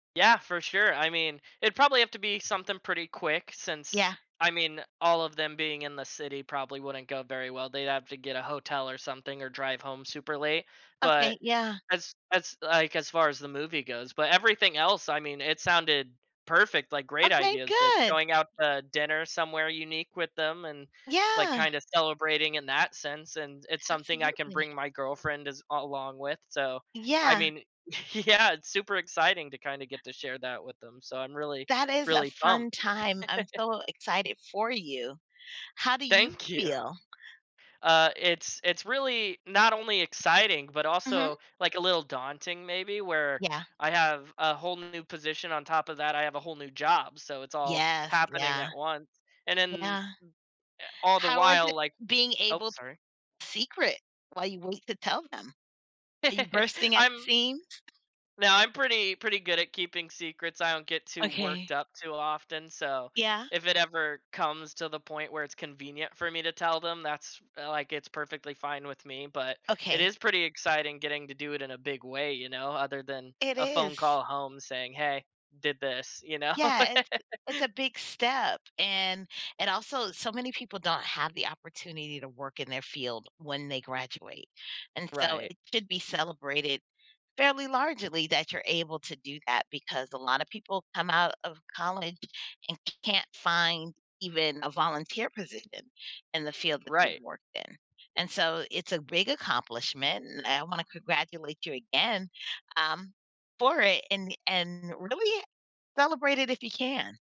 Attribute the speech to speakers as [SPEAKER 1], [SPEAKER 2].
[SPEAKER 1] Yeah, for sure. I mean, it'd probably have to be something pretty quick since
[SPEAKER 2] Yeah.
[SPEAKER 1] I mean, all of them being in the city probably wouldn't go very well, they'd have to get a hotel or something or drive home super late. But
[SPEAKER 2] Okay, yeah.
[SPEAKER 1] as as, like, as far as the movie goes, but everything else, I mean, it sounded perfect, like great
[SPEAKER 2] Okay,
[SPEAKER 1] ideas, like
[SPEAKER 2] good.
[SPEAKER 1] going out to dinner somewhere unique with them and, like,
[SPEAKER 2] Yeah.
[SPEAKER 1] kinda celebrating in that sense, and it's something I can
[SPEAKER 2] Absolutely.
[SPEAKER 1] bring my girlfriend as along with. So, I
[SPEAKER 2] Yeah.
[SPEAKER 1] mean yeah, it's super exciting to kinda get to share that with them. So I'm really,
[SPEAKER 2] That is a
[SPEAKER 1] really pumped.
[SPEAKER 2] fun time. I'm so excited for you. How do you
[SPEAKER 1] Thank you.
[SPEAKER 2] feel?
[SPEAKER 1] Uh, it's it's really not only exciting, but
[SPEAKER 2] Mhm?
[SPEAKER 1] also, like a little daunting, maybe, where
[SPEAKER 2] Yeah.
[SPEAKER 1] I have a whole new position on top of that, I have a whole new job. So it's all
[SPEAKER 2] Yes,
[SPEAKER 1] happening
[SPEAKER 2] yeah.
[SPEAKER 1] at once. And then,
[SPEAKER 2] Yeah.
[SPEAKER 1] eh, all the
[SPEAKER 2] How was
[SPEAKER 1] while,
[SPEAKER 2] it
[SPEAKER 1] like
[SPEAKER 2] being
[SPEAKER 1] Ope,
[SPEAKER 2] able t
[SPEAKER 1] sorry.
[SPEAKER 2] secret while you wait to tell them? Are you bursting at the
[SPEAKER 1] I'm
[SPEAKER 2] seams?
[SPEAKER 1] No, I'm pretty pretty good at keeping secrets, I don't get too worked
[SPEAKER 2] Okay.
[SPEAKER 1] up too often, so,
[SPEAKER 2] Yeah.
[SPEAKER 1] if it ever comes to the point where it's convenient for me to tell them, that's, like, it's perfectly fine with me. But, it
[SPEAKER 2] Okay.
[SPEAKER 1] is pretty exciting getting to do it in a big way, you know, other than
[SPEAKER 2] It
[SPEAKER 1] a phone
[SPEAKER 2] is.
[SPEAKER 1] call home saying, "Hey, did this," you know?
[SPEAKER 2] Yeah, it's the it's a big step and and also so many people don't have the opportunity to work in their field when they graduate. And so
[SPEAKER 1] Right.
[SPEAKER 2] it should be celebrated fairly largely that you're able to do that because a lot of people come out of college and can't find even a volunteer position in the field that they've
[SPEAKER 1] Right.
[SPEAKER 2] worked in. And so it's a big accomplishment and I want to congratulate you again, um, for it and and really celebrate it if you can.